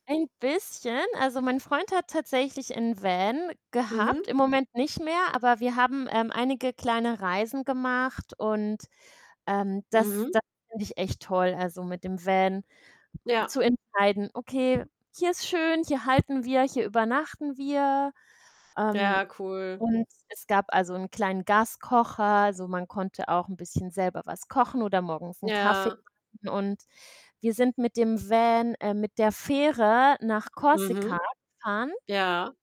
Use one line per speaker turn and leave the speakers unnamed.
Ein bisschen. Also, mein Freund hat tatsächlich 'n Van gehabt,
Mhm.
im Moment nicht mehr, aber wir haben, ähm, einige kleine Reisen gemacht und, ähm, das
Mhm.
das finde ich echt toll, also, mit dem Van
Ja.
zu entscheiden: „Okay, hier ist schön, hier halten wir, hier übernachten wir.“ Ähm,
Ja, cool.
und es gab, also, 'n kleinen Gaskocher. Also, man konnte auch 'n bisschen selber was kochen oder morgens 'n Kaffee
Ja.
kochen. Und wir sind mit dem Van äh, mit der Fähre nach
Mhm.
Korsika gefahren.
Ja.